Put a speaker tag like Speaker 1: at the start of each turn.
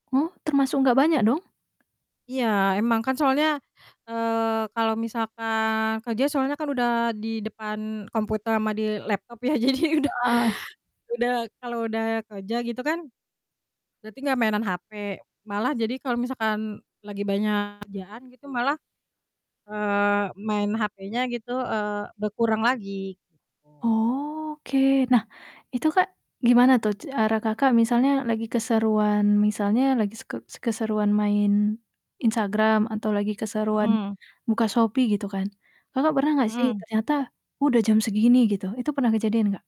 Speaker 1: Hah, termasuk nggak banyak, dong?
Speaker 2: Iya, emang kan, soalnya, eee, kalau misalkan kerja, soalnya kan udah di depan komputer sama di laptop ya, jadi udah
Speaker 1: Heeh.
Speaker 2: udah kalau udah kerja, gitu kan, berarti nggak mainan HP. Malah jadi kalau misalkan lagi banyak kerjaan gitu, malah, eee, main HP-nya, gitu, eee, berkurang lagi gitu.
Speaker 1: Oke, nah, itu, Kak, gimana tuh cara Kakak misalnya lagi keseruan misalnya lagi s ke keseruan main Instagram, atau lagi keseruan
Speaker 2: Mhm.
Speaker 1: buka Shopee, gitu kan, Kakak pernah nggak sih,
Speaker 2: Mhm.
Speaker 1: ternyata, "Udah jam segini," gitu. Itu pernah kejadian, gak?